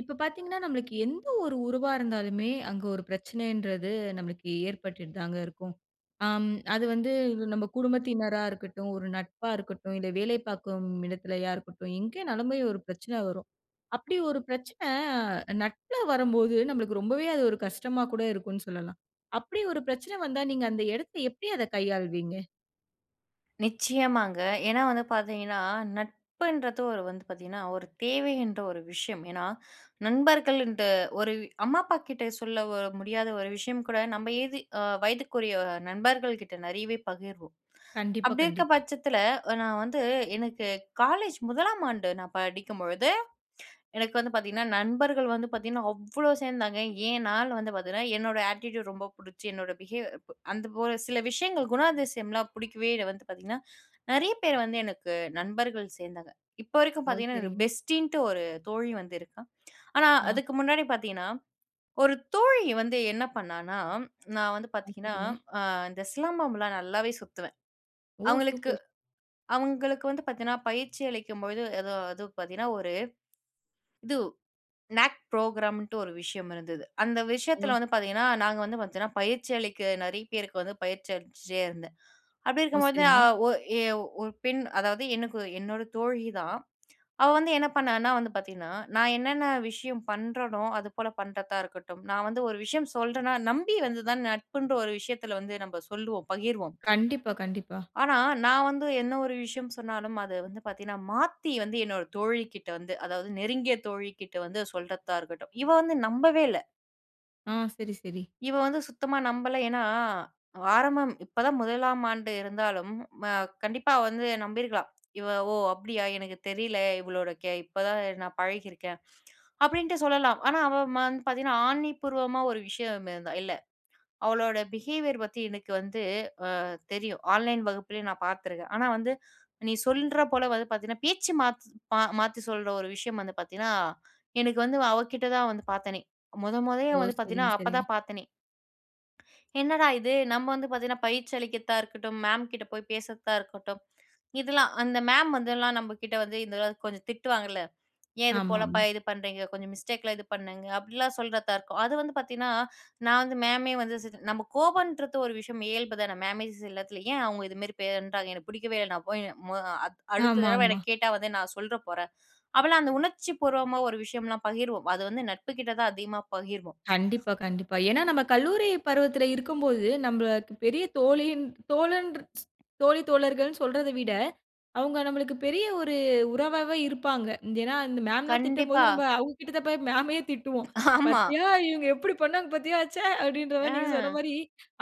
இப்ப பார்த்தீங்கன்னா, நம்மளுக்கு எந்த ஒரு உறவா இருந்தாலுமே, அங்க ஒரு பிரச்சனைன்றது நமக்கு ஏற்பட்டுட்டு தாங்க இருக்கும். அம் அது வந்து நம்ப குடும்பத்தினரா இருக்கட்டும், ஒரு நட்பா இருக்கட்டும், இல்ல வேலை பார்க்கும் இடத்திலயா இருக்கட்டும், எங்கனாலுமே ஒரு பிரச்சனை வரும். அப்டி ஒரு பிரச்சன நட்புல வரும்போது, நம்மளுக்கு ரொம்பவே அது ஒரு கஷ்டமா கூட இருக்கும்ன்னு சொல்லலாம். அப்டி ஒரு பிரச்சனை வந்தா, நீங்க அந்த எடத்த எப்படி அத கையாள்வீங்க? நிச்சயமாங்க. ஏன்னா வந்து பார்த்தீங்கன்னா, நட்புன்றது ஒரு வந்து பார்த்தீங்கன்னா, ஒரு தேவை என்ற ஒரு விஷயம். ஏன்னா, நண்பர்கள் ன்ட்ட ஒரு அம்மா அப்பாகிட்ட சொல்ல முடியாத ஒரு விஷயம் கூட நம்ம ஏதி அ வயதுக்குரிய நண்பர்கள் கிட்ட நெறையவே பகிர்வோம். கண்டிப்பா, அப்டி இருக்கிற கண்டிப்பா. பட்சத்தில நான் வந்து எனக்கு காலேஜ் 1ஆம் ஆண்டு நான் படிக்கும்பொழுது, எனக்கு வந்து பார்த்தீங்கன்னா, நண்பர்கள் வந்து பார்த்தீங்கன்னா, அவ்ளோ சேர்ந்தாங்க. ஏன்னா வந்து பார்த்தீங்கன்னா, என்னோட அட்டிட்யூட் ரொம்ப புடிச்சு, என்னோட பிஹேவ் அந்த ஒரு சில விஷயங்கள், குணாதிசயம்லாம் புடிக்கவே வந்து பார்த்தீங்கன்னா, நெறைய பேர் வந்து எனக்கு நண்பர்கள் சேர்ந்தாங்க. இப்ப வரைக்கும் ஓ! பார்த்தீங்கன்னா, எனக்கு சரிங்க. பெஸ்ட்டீன்ட்டு ஒரு தோழி வந்து இருக்கா. ஆனா ஆ. அதுக்கு முன்னாடி பார்த்தீங்கன்னா, ஒரு தோழி வந்து என்ன பண்ணான்னா? "நான் வந்து ஆ. பார்த்தீங்கன்னா, சரிங்க. அ இந்த சிலம்பம்ல்லா நல்லாவே சுத்துவேன்." ஓ! அவங்களுக்கு, சூப்பர். அவங்களுக்கு வந்து பார்த்தீங்கன்னா பயிற்சி அளிக்கும்போது எதோ அது பார்த்தீங்கன்னா ஒரு, இது நாக் ப்ரோகிராம்ன்ட்டு ஒரு விஷயம் இருந்தது. அந்த ஓ! விஷயத்ல வந்து பார்த்தீங்கன்னா, நாங்க வந்து பார்த்தீன்னா பயிற்சி அளிக்க நெறைய பேருக்கு வந்து பயிற்சி அளிச்சிட்டே இருந்தேன். அப்டி ஓ! இருக்கும்போது அ சரிங்க. ஒ எ ஒரு பெண் அதாவது, எனக்கு என்னோட தோழி தான். அவ வந்து என்ன பண்ணான்னா? வந்து பார்த்தீங்கன்னா, நான் என்னென்ன விஷயம் பண்றனோ அதுபோல பண்றதா இருக்கட்டும், நான் வந்து ஒரு விஷயம் சொல்றேனா, நம்பி வந்துதான் நட்புன்ற ஒரு விஷயத்துல வந்து நம்ம சொல்லுவோம், பகிர்வோம். கண்டிப்பா, கண்டிப்பா. ஆனா, நான் வந்து என்ன ஒரு விஷயம் சொன்னாலும் அது வந்து பாத்தீங்கன்னா, மாத்தி வந்து என்னோட தோழி கிட்ட வந்து, அதாவது நெருங்கிய தோழிகிட்ட வந்து, சொல்றதா இருக்கட்டும். இவ வந்து நம்பவே இல்ல. ஆ, சரி, சரி. இவ வந்து சுத்தமா நம்பல, ஏன்னா ஆரம்பம் இப்ப தான் முதலாம் ஆண்டு இருந்தாலும், ம கண்டிப்பா வந்து நம்பிருக்கலாம். இவ ஓ அப்படியா, எனக்கு தெரில, இவளோட கே இப்ப தான் நான் பழகியிருக்கேன், அப்படின்ட்டு சொல்லலாம். ஆனா அவ ம வந்து பாத்தீங்கன்னா ஆணி பூர்வமா ஒரு விஷயம் ம ந்த இல்ல. அவளோட பிஹேவியர் பத்தி எனக்கு வந்து அ தெரியும், ஆன்லைன் வகுப்புலயே நான் பாத்துருக்கேன். ஆனா வந்து நீ சொல்ற போல வந்து பாத்தீங்கன்னா, பேச்சு மாத் மாத்தி சொல்ற ஒரு விஷயம் வந்து பாத்தீங்கன்னா, எனக்கு வந்து அவகிட்ட தான் வந்து பாத்தனே. மொத மொதய்யே ஓ! வந்து பாத்தீங்கன்னா சரிங்க, அப்போ சரிங்க. தான் பாத்தேனே. என்னடா இது, நம்ம வந்து பாத்தீங்கன்னா பயிற்சி அளிக்கிர்த்தா இருக்கட்டும், மேம்கிட்ட போய் பேசுர்த்தா இருக்கட்டும், இதெல்லாம் அந்த மேம் வந்துலாம் நம்ப கிட்ட வந்து இதலாம் கொஞ்சம் திட்டுவாங்கள்ல, "ஏன் இது போலப்பா, ஆமாமா. இது பண்றீங்க, கொஞ்சம் மிஸ்டேக்கலாம் இது பண்ணுங்க" அப்டிலாம் சொல்றதாருக்கும். அது வந்து பாத்தீன்னா, நான் வந்து மேமே வந்து நம்ம கோபம்ன்றது ஒரு விஷயம் இயல்பு தானே, மேம்மே எல்லாத்துல ஏன் அவுங்க இது மாரி பண்றாங்க, எனக்கு புடிக்கவே இல்லை. நான் போய் மோ அத் அடுத்த ஆமா, தடவை என்ன ஆமா. கேட்டா வந்து நான் சொல்ற போறேன். அப்போலாம் அந்த உணர்ச்சி பூர்வமா ஒரு விஷயம்லாம் பகிருவோம், அது வந்து நட்பு கிட்ட தான் அதிகமா பகிர்வோம். கண்டிப்பா, கண்டிப்பா. ஏன்னா, நம்ம கல்லூரி பருவத்துல இருக்கும்போது, நம்ப பெரிய தோழின் தோழன்ற தோழி, தோழர்கள்ன்னு சொல்றத விட, அவுங்க நம்மளுக்கு பெரிய ஒரு உறவாவே இருப்பாங்க. இந் ஏன்னா, அந்த மேம்ல்லாம் திட்டும்போது, கண்டிப்பா! நம்ப அவுங்க கிட்ட தான் போய் மேமய திட்டுவோம். ஆமா. "பத்தியா, அ. இவுங்க எப்படி பண்ணாங்க! பத்தியா, ச்ச" அப்டின்ற மாரி, நீங்க சொன்ன ஆ மாரி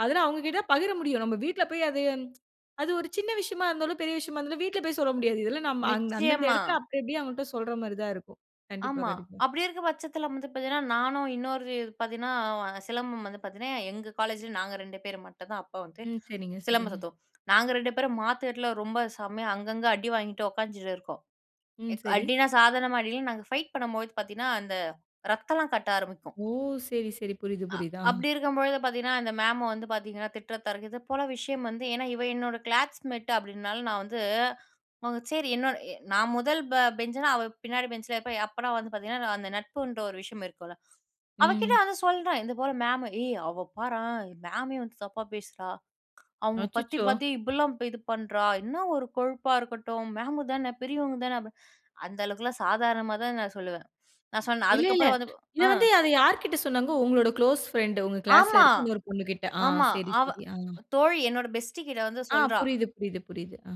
அதெல்லாம் அவுங்ககிட்ட பகிர முடியும். நம்ப வீட்ல போய், அது அது ஒரு சின்ன விஷயமா இருந்தாலும், பெரிய விஷயமா இருந்தாலும், வீட்ல போய் சொல்ல முடியாது. இதெல்லாம் நம் அந்தந்த நிச்சயமா. இடத்ல அப்டிஅப்டியே அவுங்கள்ட்ட சொல்ற மாரி தான் இருக்கும். கண்டிப்பா, ஆமா, கண்டிப்பா. அப்படி இருக்க பட்சத்துல வந்து பாத்தீங்கன்னா, நானும் இன்னொரு பாத்தீங்கன்னா, சிலம்பம் வந்து பாத்தீங்கன்னா, எங்க காலேஜில நாங்க 2 பேர் மட்டு தான் அப்ப வந்து ம். சரிங்க, சிலம்பம் சரிங்க. சுத்துவோம். நாங்க 2 பேரும் மாத்து கட்ல ரொம்ப செம்மையா அங்கங்க அடி வாங்கிட்டு உக்காந்த்துட்டு இருக்கோம். ம், சரி. அடினா சாதாரணமா அடில்ல நாங்க ஃபைட் பண்ணும்போது பாத்தீங்கன்னா, அந்த ரத்தம்லாம் கட்ட ஆரம்பிக்கும். ஓ! சரி, சரி. புரியுது, அ புரியுது. ஆ, அப்டி இருக்கும்பொழுது பாத்தீங்கன்னா, அந்த மேம் வந்து பாத்தீங்கன்னா, திட்ட தரகு இதப்போல விஷயம் வந்து, ஏன்னா இவ என்னோட கிளாஸ்மெட்டு அப்படின்னால, நான் வந்து அவுங்க செரி, என்னோட எ நான் 1 ப பெஞ்ச்னா, அவ பின்னாடி பென்ஞ்ல இருப்பா. அப்போலாம் வந்து பாத்தீங்கன்னா, நா அந்த நட்புன்ற ஒரு விஷயம் இருக்குள்ல, அவகிட்ட ம். ஆனா சொல்றேன், இது போல மேமு ஏய் அவ பாரேன், மேமயே வந்து தப்பா பேசுறா, அவுங்க பத்தி அச்சச்சோ! பத்தி இப்புட்லாம் இது பண்றா, என்ன ஒரு கொழுப்பா இருக்கட்டும், மேம்மு தானே பெரியவங்க தானே. அபி அந்த அளவுக்கெல்லாம் சாதாரணமா தான் நான் சொல்லுவேன். நான் சொன்னேன், இல்லைல்ல! அதுக்கப்புறம் வந்து இதை ஆ. வந்து அதை யார்கிட்ட சொன்னாங்க? உங்களோட குளோஸ் ஃபிரெண்ட்டு உங்க கிளாஸ்ல ஆமா, இருக்க இன்னொரு பொண்ணு கிட்ட! ஆ ஆமா சரி, அவ சரி. அ. தோழி, என்னோட பெஸ்டி கிட்ட வந்து ஆ சொல்றா! புரியுது, புரியுது, புரியுது. அ.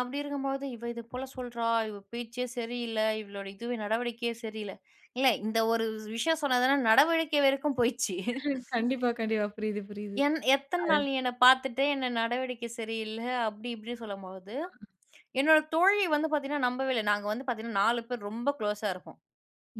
அப்டி இருக்கும்போது, இவ இது போல சொல்றா, இவ பேச்சே சரியில்ல, இவளுடைய இதுவே நடவடிக்கையே சரியில்ல. இல்ல இந்த ஒரு வ் விஷயம் சொன்னா தான நடவடிக்கை வரைக்கும் போயிச்சு. ம், கண்டிப்பா, கண்டிப்பா புரியுது புரியுது. என் எத்தன அ. நாள் நீ என்ன பார்த்துட்டு, என்ன நடவடிக்கை சரியில்ல, அப்டி இப்டின்னு சொல்லும்போது, அ. என்னோட தோழிய வந்து பாத்தீங்கன்னா நம்பவே இல்ல. நாங்க வந்து பாத்தீங்கன்னா, 4 பேரு ரொம்ப க்ளோஸா இருப்போம்.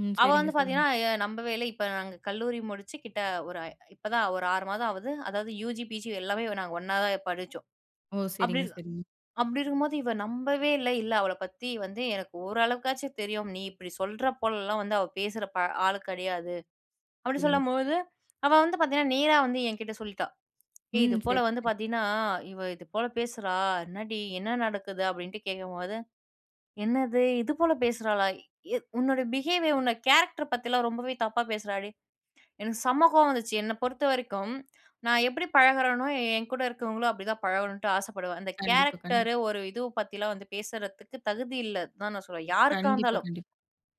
ம். அவ சரிங்க, வந்து சரிங்க. பாத்தீங்கன்னா எ நம்பவே இல்ல, இப்ப நாங்க கல்லூரி முடிச்சு கிட்ட, ஒரு அ இப்பதான் ஒரு 6 மாதம் ஆவுது. அதாவது யூஜி, பீஜி எல்லாமே நாங்க ஒண்ணாவே படிச்சோம். ஓ! அப்டி சரிங்க, இரு சரிங்க. அப்டி இருக்கும்போது, இவ நம்பவே இல்ல, இல்ல அவள பத்தி வந்து எனக்கு ஓரளவுக்காச்சும் தெரியும், நீ இப்டி சொல்ற போலலாம் வந்து அவ பேசுற ப ஆளு கெடையாது. அப்டி சரிங்க. சொல்லும்போது, அவ வந்து பாத்தீங்கன்னா நேரா வந்து என்கிட்ட சொல்லிட்டா. ஏய்! இது ம். போல சரி, வந்து சரி. பாத்தீன்னா இவ இது போல பேசுறா, என்னடி? என்ன நடக்குது? அப்டின்ட்டு கேட்கும்போது, என்னது! இது போல பேசுறாளா? எ உன்னோட பிஹேவியர் உன்னோட கேரக்டர் பத்திலாம் ரொம்பவே தப்பா பேசுறாடி, "எனக்கு செம்ம கோவம் வந்துச்சு. என்ன பொறுத்தவரைக்கும், நான் எப்டி பழகறேனோ, என் கூட இருக்குறவங்களும் அப்டி தான் பழகணுன்ட்டு ஆசப்படுவேன்." அந்த கண்டிப்பா, கண்டிப்பா. கேரக்டர் ஒரு இது பத்திலாம் வந்து பேசுறதுக்கு தகுதி இல்ல தான் நான் சொல்றேன், யாருக்கா கண்டிப்பா, இருந்தாலும். கண்டிப்பா.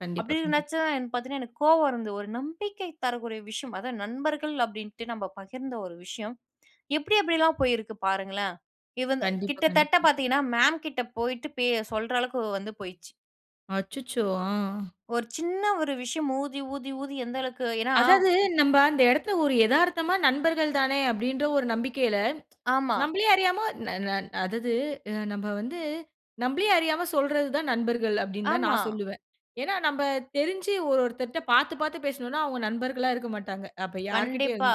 கண்டிப்பா, அப்டி கண்டிப்பா. நெனைச்சா, பாத்தீங்கன்னா எனக்கு கோவம் வருந்து, ஒரு நம்பிக்கை தரக்கூடிய விஷயம். அதாவது, நண்பர்கள் அப்டின்ட்டு நம்ம பகிர்ந்த ஒரு விஷயம், எப்டி எப்டில்லாம் போயிருக்கு பாருங்களேன்! இவங்க கண்டிப்பா, கிட்டத்தட்ட கண்டிப்பா. பாத்தீங்கன்னா மேம் கிட்ட போயிட்டு பே சொல்ற அளவுக்கு வந்து போயிருச்சு. அச்சச்சோ! ஆ. ஒரு சின்ன ஒரு விஷயம் ஊதி, ஊதி, ஊதி எந்த அளவுக்கு? ஏன்னா அதாது நம்ப அந்த எடத்துல ஒரு எதார்த்தமா நண்பர்கள் தானே, அப்டின்ற ஒரு நம்பிக்கைல ஆமா. நம்பளையே அறியாம ந ந அதாவது நம்ம வந்து, நம்பளே அறியாம சொல்றது தான் நண்பர்கள் அப்டின்னு தான், ஆமா. நான் சொல்லுவேன். ஏன்னா, நம்ம தெரிஞ்சு ஒரு ஒருத்தர்ட்ட பாத்து, பாத்து பேசுனோம்னா, அவங்க நண்பர்களா இருக்க மாட்டாங்க. அப்ப யார்கிட்டயும். கண்டிப்பா.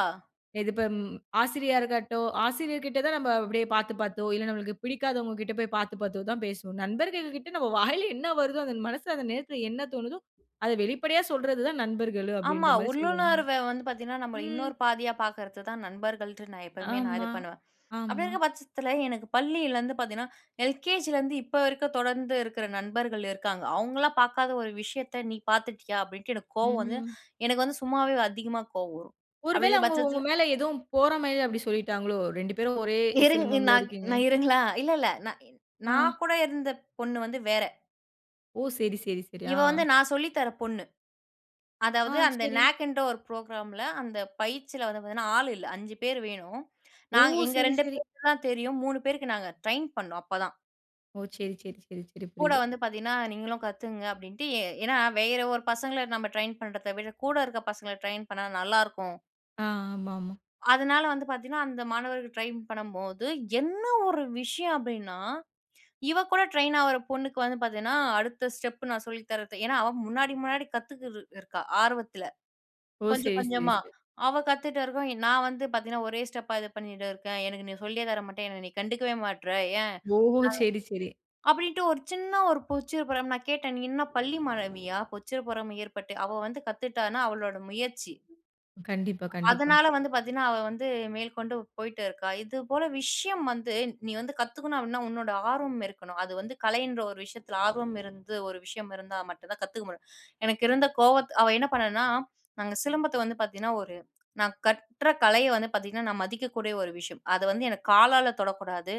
இதுபோ ம் ஆசிரியாருக்கட்டும், ஆசிரியர்கிட்ட தான் நம்ம அப்டியே பாத்து, பாத்தோ இல்ல, நமக்கு பிடிக்காதவங்ககிட்ட போய் பாத்து, பாத்தோ தான் பேசுவோம். நண்பர்கள்கிட்ட நம்ம வாயில என்ன வருதோ, அந்த மனசுல அந்த நேரத்துல என்ன தோனுதோ, அத வெளிப்படையா சொல்றது தான் நண்பர்கள். ஆமா, அப்டின்ற மாரி சொல்வாங்க. உள்ளுணர்வ வந்து பாத்தீங்கன்னா, நம்மள ம். இன்னொரு பாதியா பாக்குறது தான் நண்பர்கள்ட்டு, நான் எப்பவுமே நான் இது ஆமா, பண்ணுவேன். அப்டி ஆமா. இருக்குற பட்சத்துல எனக்கு பள்ளிலருந்து பாத்திங்கன்னா எல்.கே.ஜிலருந்து இப்போ வரைக்கும் தொடர்ந்து இருக்குற நண்பர்கள் இருக்காங்க, அவங்கலாம் பாக்காத ஒரு விஷயத்த "நீ பாத்துட்டியா?" அப்டின்ட்டு எனக்கு கோவம் வந்து, ம். எனக்கு வந்து சும்மாவே அதிகமா கோவம் வரும். ஒருவேள அப்டிங்குற அவுங்க உங்க பட்சத்துல மேல எதுவும் பொறாமைல அப்டி சொல்லிட்டாங்களோ? 2 பேரும் ஒரே இருங்க நா சிலம்பம்ல இருக்கீங்க. நா இருங்களா இல்ல, இல்ல நா நா ஆ. கூட இருந்த பொண்ணு வந்து வேற. ஓ! சரி சரி சரி, ஆ. இவ வந்து நான் சொல்லி தர பொண்ணு. ஆ, அதாவது அந்த செரி. நாக்ன்ற ஒரு புரோகிராம் ல, அந்த பயிற்சில வந்து பாத்தீங்கன்னா, ஆள் இல்ல 5 பேரு வேணும், ஓ! நா எங்க சரி, 2 சரி. பேருக்கு தான் தெரியும். 3 பேருக்கு நாங்க ட்ரெயின் பண்ணோம் அப்பதான். ஓ! சரி சரி சரி சரி கூட புரியுது. வந்து பார்த்தீங்கன்னா, நீங்களும் கத்துக்கங்க அப்டின்ட்டு, எ ஏன்னா வேற ஒரு பசங்கள நம்ம ட்ரெயின் பண்ணுறத விட, கூட இருக்குற பசங்கள ட்ரெயின் பண்ணா நல்லாருக்கும். ஆ ஆமா ஆமா. அதுனால வந்து பார்த்தீங்கன்னா, அந்த மாணவர்கள் ட்ரைன் பண்ணும்போது, என்ன ஒரு விஷயம்? அப்டின்னா, இவ கூட ட்ரெயின் ஆவற பொண்ணுக்கு வந்து பார்த்தீங்கன்னா, அடுத்த ஸ்டெப் நான் சொல்லி தரது, ஏன்னா அவ முன்னாடி முன்னாடி கத்துக்கிட்டு இருக்கா, ஆர்வத்துல, ஓ! கொஞ்சம் சரி சரி கொஞ்சமா, சரி. அவ கத்துட்ட இருக்கும் நான் வந்து பார்த்தீங்கன்னா, ஒரே ஸ்டெப்பா, இது பண்ணிட்டு இருக்கேன், எனக்கு நீ சொல்லியே தர மாட்டியா? என்ன நீ கண்டுக்கவே மாட்டுற, ஏன் ஓஹோ! சரி சரி. நான் அப்டின்ட்டு ஒரு சின்ன ஒரு பொச்சப்புறம் நான் கேட்டேன், என்ன நீ பள்ளி மாணவியா? பொச்சப்புறம் ஏற்பட்டு அவ வந்து கத்துட்டானா அவளோட முயற்சி, கண்டிப்பா கண்டிப்பா. அதனால வந்து பார்த்தீங்கன்னா, அவ வந்து மேல்கொண்டு போயிட்டு இருக்கா, இது போல விஷயம் வந்து நீ வந்து கத்துக்கணும் அப்டினா, உன்னோட ஆர்வம் இருக்கணும், அது வந்து கலைன்ற ஒரு விஷயத்துல ஆர்வம் இருந்து ஒரு விஷயம் இருந்தா மட்டும் தான் கத்துக்க முடியும், எனக்கு இருந்த கோவத்த அவ என்ன பண்ணான்னா, நாங்க சிலம்பத்த வந்து பார்த்தீங்கன்னா, ஒரு நான் கற்ற கலைய வந்து பார்த்தீங்கன்னா, நான் மதிக்கக்கூடிய ஒரு விஷயம், அத வந்து எனக்கு காலால தொடக்கூடாது,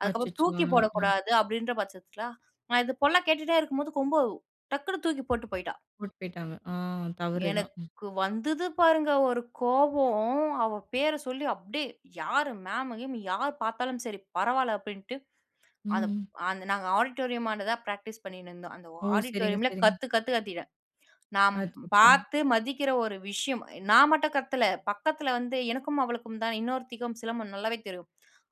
அதுக்கப்புறம் அச்சச்சோ! தூக்கி அஹ. போடக்கூடாது அப்டின்ற பட்சத்துல, நான் இது போல கேட்டுட்டே இருக்கும்போது, கொம்பு டக்குனு தூக்கி போட்டு போயிட்டா. போட்டு போயிட்டாங்க ஆ தவறு தான். எனக்கு வந்தது பாருங்க ஒரு கோபம், அவ பேர சொல்லி அப்டியே யாரு மேம்கீம் யார் பார்த்தாலும் சரி, பரவால அப்டின்ட்டு, அந்த ம். அந்த நாங்க ஆடிட்டோரியமாண்டதான் ப்ராக்டிஸ் பண்ணிட்டு இருந்தோம், அந்த ஓ! சரிங்க ஆடிட்டோரியமில சரிங்க. கத்து கத்து கத்திட்டேன், நான் அச்சச்சோ! பார்த்து மதிக்கிற ஒரு விஷயம், நான் மட்டும் கத்தல, பக்கத்துல வந்து எனக்கும் அவளுக்கும் தான் இன்னொருத்திக்கும் சிலம்ப நல்லாவே தெரியும்,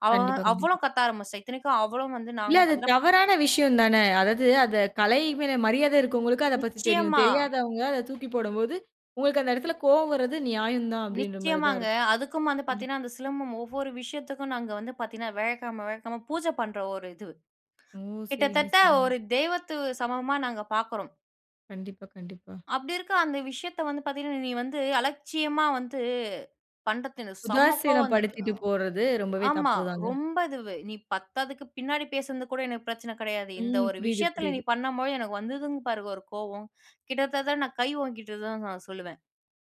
அவ வ கண்டிப்பா கண்டிப்பா. அவ்வளோ கத்த ஆரம்பிச்சிட்டா, இத்தனைக்கும் அவளும் வந்து இல்ல நாங்களும் அது பார்த்தீங்கன்னா தவறான விஷயம் தானே, அதாவது அந்த கலை மேல மரியாதை இருக்கவங்களுக்கு அத பத்தி தெரியும், நிச்சியமா. தெரியாதவங்க அத தூக்கி போடும்போது, உங்களுக்கு அந்த இடத்தில கோபம் வர்றது நியாயம் தான், அப்படின்ற மாதிரி தான் நிச்சியமாங்க. இருக்கும், அதுக்கும் வந்து கண்டிப்பா. பார்த்தீங்கன்னா, அந்த சிலம்பம் ஒவ்வொரு விஷயத்துக்கும், நாங்க வந்து பார்த்தீங்கன்னா வியாழக்கிழக்கம வியாழக்கிழக்கம பூஜ பண்ற ஒரு இது. ஓ! சரிங்க கிட்டத்தட்ட சரிங்க. ஒரு தெய்வத்து சமமா நாங்க பார்க்குறோம். கண்டிப்பா, கண்டிப்பா. அப்டி இருக்க அந்த விஷயத்த வந்து பார்த்தீங்கன்னா, நீ வந்து அலட்சியமா வந்து பண்றது எனக்கு செம்ம கோவம் வந்தது அ. உதாசீனப்படுத்திட்டு போறது ரொம்பவே ஆமா தப்புதாங்க. ரொம்ப இது நீ பத்தாதுக்கு பின்னாடி பேசுனது கூட எனக்கு பிரச்சனை கடையாது இந்த ம். ஒரு புரியிது, விஷயத்தில நீ புரியிது. பண்ணும் பொழுது. எனக்கு வந்ததுங் பாருங்க ஒரு கோவம் கிட்டத்தட்ட நான் கை ஓங்கிட்ட தான் நான் சொல்லுவேன்.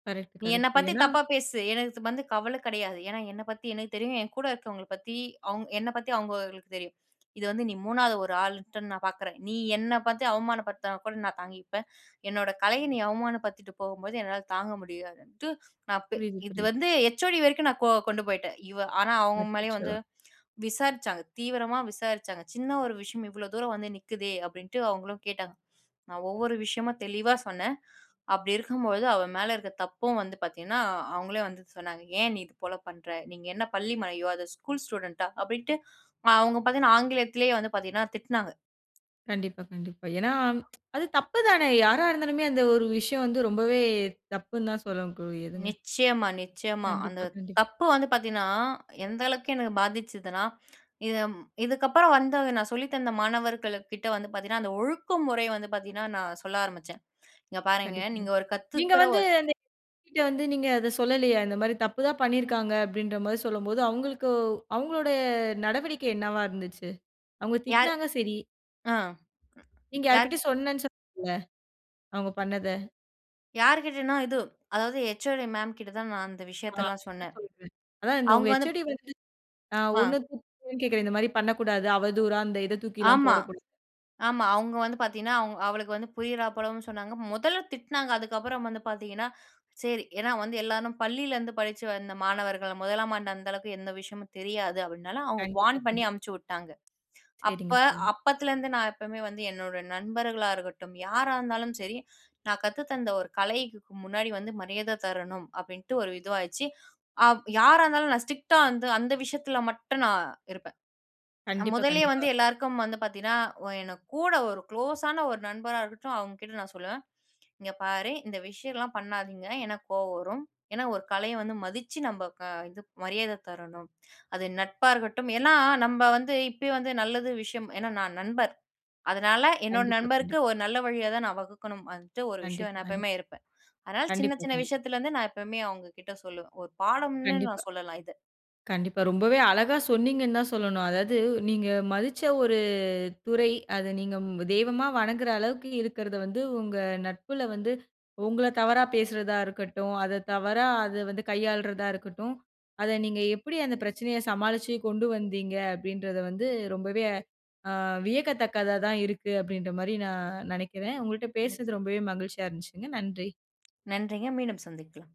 கரெக்ட், நீ என்ன கரெக்ட். பத்தி ஏனா தப்பா பேசு, எனக்கு வந்து கவல கடையாது. ஏனா என்ன பத்தி எனக்கு தெரியும். என் கூட இருக்கிறவங்கள பத்தி அவங் என்ன பத்தி அவங்களுக்கு தெரியும். இது வந்து நீ 3வது ஒரு ஆள்ன்ட்டு நான் பார்க்குறேன். நீ என்ன பத்தி அவமான படுத்தனா கூட நான் தாங்கிப்பேன். என்னோட கலைய நீ அவமான படுத்திட்டு போம்போது என்னால தாங்க முடியாதுன்ட்டு. நான் ப் புரியிது, இது புரியிது. வந்து ஹேச்ஓடி வரைக்கும் நான் கொ கொண்டு போயிட்டேன் இவ ஆனா அவங்க மேலயும் அச்சச்சோ! வந்து விசாரிச்சாங்க, தீவிரமா விசாரிச்சாங்க. சின்ன ஒரு விஷயம், இவ்வளோ தூரம் வந்து நிக்குதே, அப்டின்ட்டு அவங்களும் கேட்டாங்க. நான் ஒவ்வொரு விஷயமும் தெளிவா சொன்னே. அப்டி இருக்கும் பொழுது அவ மேல இருக்க தப்பும் வந்து பார்த்தீங்கன்னா, அவங்களே வந்து சொன்னாங்க. ஏன் நீ இது போல பண்ற? நீங்க என்ன பள்ளி மலையோ அது ஸ்கூல் ஸ்டூடண்ட்டா? அப்டின்ட்டு அவங்க பார்த்தீங்கன்னா, ஆங்கிலத்திலேயே வந்து பார்த்தீங்கன்னா, திட்னாங்க. கண்டிப்பா, கண்டிப்பா. ஏனா, அது தப்புதானே யாரா இருந்தாலுமே, அந்த ஒரு விஷயம் வந்து ரொம்பவே தப்புன்னு தான் சொல்லக் கூடியதுங்க. நிச்சியமா, நிச்சியமா. அந்த கண்டிப்பா, கண்டிப் தப்பு வந்து பார்த்தீங்கன்னா, எந்த அளவுக்கு எனக்கு பாதிச்சுதுன்னா, இது ம் இதுக்கு அப்புறம் வந்து நான் சொல்லித்தந்த மாணவர்களுக்கிட்ட வந்து பார்த்தீங்கன்னா, அந்த ஒழுக்க முறை வந்து பார்த்தீங்கன்னா, நான் சொல்ல ஆரம்பிச்சேன். இங்க பாருங்க கண்டிப்பாங்க. நீங்க ஒரு நீங்க கத்துக்குற வந்து ஒரு அந்த [unintelligible] கிட்ட வந்து நீங்க அத சொல்லலையா? இந்த மாரி தப்பு தான் பண்ணியிருக்காங்க அப்டின்ற மாரி சொல்லும்போது அவங்களுக்கு அவங்களுடைய நடவடிக்கை என்னவா இருந்துச்சு? அவங்க யார் திட்னாங்க சரி. ஆ நீங்க யார்? யார்கிட்டயோ சொன்னேன்னு சொன்னீங்கல்ல, அவங்க பண்ணத. யார்கிட்டனா? இது அதாவது ஹச்ஓடீ மேம் கிட்ட தான். நான் அந்த ஆ விஷயத்தலா அ சொன்னே. சொல்லுங்க. அதான், இந்த உங்க அவுங்க வந்து ஹச்ஓடீ வந்து அ வா. ஒண்ணு து கேட்கிறேன். இந்த மாரி பண்ணக்கூடாது. அவதூறா அந்த இத, தூக்கிலா ஆமா. போடக்கூடாது. ஆமா. அவங்க வந்து பாத்தீங்கனா, அவ அவளுக்கு வந்து, புரியிறா போலவும் சொன்னாங்க. மொதல்ல திட்னாங்க. அதுக்கப்புறம் வந்து பாத்தீங்கனா, சேரி ஏன்னா வந்து எல்லாரும் பள்ளியிலேருந்து படுச்சு வந்த மாணவர்கள, முதலாம் ஆண்டு அந்த அளவுக்கு எந்த விஷயமும் தெரியாது அப்டினால, அவங்க கண்டிப்பா. வார்ன் பண்ணி கண்டிப்பா. அமுச்சு விட்டாங்க. அப்ப சேரிங்க. சரிங்க. அப்பத்துலருந்து நான் எப்போவுமே வந்து, என்னோட நண்பர்களா இருக்கட்டும், யாரா இருந்தாலும் சரி, நான் கத்து தந்த ஒரு கலைக்கு முன்னாடி வந்து மரியாத தரணும். அப்படின்ட்டு ஒரு இதுவாச்சு. ஆ யாரா இருந்தாலும், நான் ஸ்ட்ரிக்ட்டா வந்து, அந்த விஷயத்தில மட்டும் நான் இருப்பேன். கண்டிப்பா, முதல்லயே கண்டிப்பா. வந்து எல்லாருக்கும் வந்து பாத்தீங்கனா, எனக்கு கூட ஒரு க்ளோஸான ஒரு நண்பரா இருக்கட்டும், அவங்க கிட்ட நான் சொல்லுவேன். "இங்க பாரு, இந்த விஷயலா பண்ணாதீங்க. எனக்கு கோவ வரும். ஏன்னா, ஒரு கலைய வந்து மதிச்சு, நம்ம க இது மரியாத தரணும். அது நட்பா இருக்கட்டும்." ஏன்னா நம்ம வந்து இப்பயே வந்து, நல்லது விஷயம் ஏன்னா, நான் நண்பர். அதனால என்னோட கண்டிப்பா, கண்டிப் நண்பருக்கு ஒரு நல்ல வழியா தான் நான் வகுக்கணும். வந்துட்டு ஒரு விஷயம் கண்டிப்பா, நான் கண்டிப் எப்பவுமே இருப்பேன். அதனால சின்ன, கண்டிப்பா, சின்ன கண்டிப் விஷயத்துல நான் எப்பவுமே, அவங்க கிட்ட சொல்லுவேன். ஒரு பாடம்னு கண்டிப்பா. நான் சொல்லலாம். இத கண்டிப்பா. ரொம்பவே அழகா சொன்னீங்கன் தான் சொல்லணும். அதாவது, நீங்க மதிச்ச ஒரு துறை. அத நீங்க தெய்வமா வணங்குற அளவுக்கு, இருக்கிறத வந்து, உங்க நட்புல வந்து, உங்கள தவறா பேசுறதா இருக்கட்டும். அத தவறா, அது வந்து கையாள்றதா இருக்கட்டும். அத நீங்க, எப்படி அந்த பிரச்சனைய சமாளிச்சு கொண்டு வந்தீங்க? அப்படின்றத வந்து ரொம்பவே அ வியக்கத்தக்கதாதா இருக்கு. அப்படின்ற மாரி நான் நெனக்கிறேன். உங்கள்ட்ட பேசினது, நிச்சயம். ரொம்பவே மகிழ்ச்சியா இருந்துச்சுங்க. நன்றி! நன்றிங்க. மீண்டும் சந்திக்கலாம்.